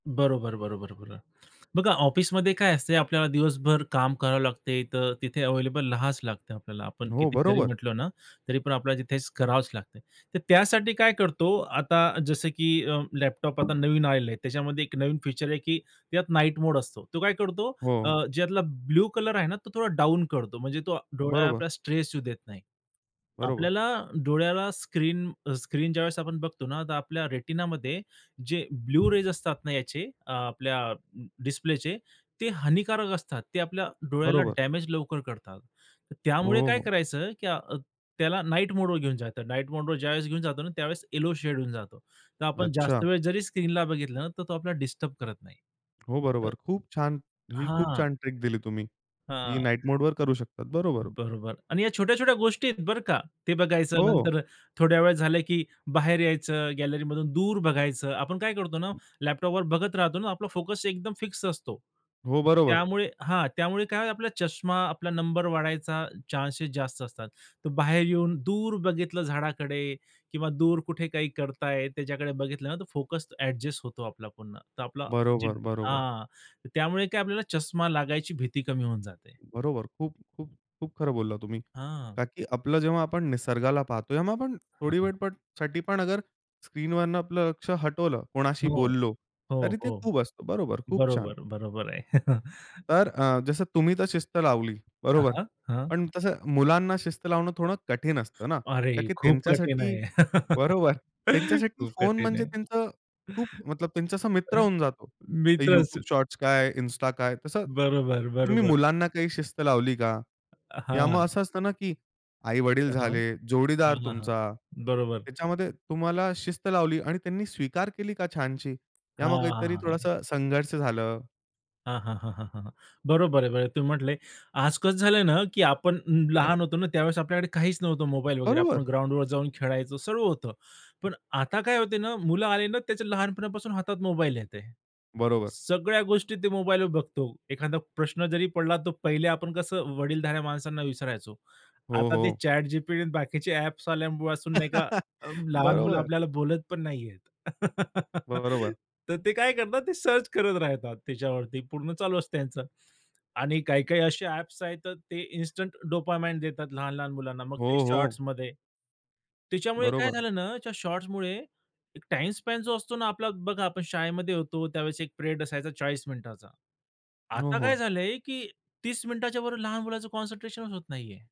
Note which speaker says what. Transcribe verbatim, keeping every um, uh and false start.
Speaker 1: बरोबर, बरोबर, बरोबर. बघा ऑफिसमध्ये काय असतंय, आपल्याला दिवसभर काम करावं लागते तर तिथे अव्हेलेबल राहाच आपल्याला, आपण
Speaker 2: हो.
Speaker 1: किती जरी
Speaker 2: बरोबर.
Speaker 1: म्हटलो ना, तरी पण आपल्याला तिथे करावंच लागतं. तर त्यासाठी काय करतो आता जसं की अ, लॅपटॉप आता नवीन आलेलं आहे, त्याच्यामध्ये एक नवीन फीचर आहे, की त्यात नाईट मोड असतो. तो काय करतो
Speaker 2: हो.
Speaker 1: ज्यातला ब्लू कलर आहे ना, तो थोडा डाउन करतो. म्हणजे तो
Speaker 2: बरोबर.
Speaker 1: डोळ्याला स्ट्रेस येऊ देत नाही.
Speaker 2: बरोबर.
Speaker 1: आपल्याला डोळ्याला स्क्रीन अ, स्क्रीन ज्यावेळेस आपण बघतो ना तर आपल्या रेटिनामध्ये जे ब्लू रेज असतात ना याचे अ, आपल्या डिस्प्लेचे ते हानिकारक असतात. ते आपल्या डोळ्याला
Speaker 2: बरोबर.
Speaker 1: डॅमेज लवकर करतात. त्यामुळे
Speaker 2: हो,
Speaker 1: काय
Speaker 2: हो.
Speaker 1: करायचं की त्याला नाईट मोडवर घेऊन जातो. नाईट मोडवर ज्यावेळेस घेऊन जातो त्यावेळेस येलो शेड होऊन जातो. तर आपण
Speaker 2: अच्छा.
Speaker 1: जास्त वेळ जरी स्क्रीनला बघितलं तर तो आपल्याला डिस्टर्ब करत नाही.
Speaker 2: हो. बरोबर. खूप छान, ही तुम्ही खूप
Speaker 1: हां.
Speaker 2: छान ट्रिक दिली तुम्ही की
Speaker 1: हां.
Speaker 2: नाईट मोडवर करू शकतात. बरोबर.
Speaker 1: बरोबर. आणि या छोट्या-छोट्या गोष्टी आहेत बरं का? ते बघायचं
Speaker 2: हो.
Speaker 1: नंतर थोड्या वेळ झालं की बाहेर यायचं, गॅलरीमधून दूर बघायचं. आपण काय करतो ना,
Speaker 2: [unintelligible]
Speaker 1: लॅपटॉपवर बघत राहतो ना, आपला फोकस एकदम फिक्स असतो.
Speaker 2: हो, बरोबर.
Speaker 1: त्यामुळे हां. त्यामुळे काय आपला चष्मा आपला नंबर वाढायचा चान्सेस जास्त असतात. तर बाहेर येऊन दूर बघितलं झाडाकडे किंवा दूर कुठे काही करतायत, त्याच्याकडे बघितलं ना, तो फोकस अ‍ॅडजस्ट होतो आपला पुन्हा. तर आपला जे
Speaker 2: बरोबर, बरोबर.
Speaker 1: हां. त्यामुळे काय आपल्याला चष्मा लागायची भीती कमी होऊन जाते.
Speaker 2: बरोबर. खूप, खूप, खूप खरं बोललात तुम्ही.
Speaker 1: हां.
Speaker 2: का की आपलं जेव्हा आपण निसर्गाला पाहतो या मग आपण
Speaker 1: हां,
Speaker 2: थोडी
Speaker 1: हां.
Speaker 2: वेळपणसाठी पण अगर स्क्रीनवरनं आपलं लक्ष हटवलं, कोणाशी
Speaker 1: हो.
Speaker 2: बोललो,
Speaker 1: हो,
Speaker 2: तरी ते
Speaker 1: हो.
Speaker 2: खूप असतं. बरोबर. खूप छान.
Speaker 1: बरोबर, बरोबर आहे.
Speaker 2: तर अ, जसं तुम्ही तर शिस्त लावली,
Speaker 1: हां,
Speaker 2: बरोबर?
Speaker 1: हां. हां.
Speaker 2: पण तसं मुलांना शिस्त लावणं थोडं कठीण असतं ना?
Speaker 1: अरे!
Speaker 2: का की
Speaker 1: खूप कठीण
Speaker 2: त्यांच्यासाठी
Speaker 1: आहे.
Speaker 2: बरोबर, त्यांच्यासाठी
Speaker 1: खूप
Speaker 2: फोन
Speaker 1: कठीण
Speaker 2: म्हणजे
Speaker 1: आहे.
Speaker 2: त्यांचं खूप मतलब त्यांचा असा मित्र होऊन जातो. तर
Speaker 1: मिळतं असं.
Speaker 2: YouTube शॉर्ट्स काय, Insta काय, तसं
Speaker 1: बरोबर,
Speaker 2: तुम्ही
Speaker 1: बरोबर.
Speaker 2: मुलांना काही शिस्त लावली का? या
Speaker 1: हां.
Speaker 2: मग असं असतं ना, की आई-वडील
Speaker 1: हां.
Speaker 2: झाले,
Speaker 1: हां,
Speaker 2: जोडीदार
Speaker 1: हां, हां.
Speaker 2: तुमचा,
Speaker 1: बरोबर.
Speaker 2: त्याच्यामध्ये तुम्हाला शिस्त लावली आणि त्यांनी स्वीकार केली का छानशी? या मग काहीतरी
Speaker 1: हां,
Speaker 2: थोडंसं संघर्ष झालं?
Speaker 1: हां, हां, हां, हां, हां. बरोबर आहे. बरं तुम्ही म्हंटले. आज कसं झालं ना की आपण अं अ,
Speaker 2: ह्.
Speaker 1: लहान होतो ना त्यावेळेस आपल्याकडे काहीच नव्हतं मो
Speaker 2: बरोबर. बरोबर.
Speaker 1: खादा प्रश्न जरी पडला तर पहिले आपण कसं वडीलधाऱ्या माणसांना विचारायचो.
Speaker 2: हो,
Speaker 1: आता ते
Speaker 2: हो.
Speaker 1: ChatGPT आणि बाकीचे ॲप्स आल्यापासून नाही का अ, लहान मुलं
Speaker 2: बरोबर.
Speaker 1: आपल्याला बोलत पण नाहीयेत.
Speaker 2: बरोबर.
Speaker 1: तर ते काय करतात? ते सर्च करत राहतात त्याच्यावरती, पूर्ण चालू असतं त्यांचं. आणि काही-काही असे ॲप्स आहेत तर ते इन्स्टंट डोपामाइन देतात लहान-लहान मुलांना. मग ते
Speaker 2: हो, हो.
Speaker 1: शॉर्ट्समध्ये. त्याच्यामुळे काय
Speaker 2: बरोबर.
Speaker 1: झालं ना त्या शॉट्समुळे एक टाईम स्पॅन जो असतो ना आपला, बघा आपण शाळेमध्ये होतो त्यावेळेस एक पिरियड असायचा चाळीस मिनिटाचा.
Speaker 2: हो,
Speaker 1: आता काय
Speaker 2: हो.
Speaker 1: झालंय की तीस मिनिटाच्यावर लहान मुलाचं कॉन्सन्ट्रेशनच होत नाहीये.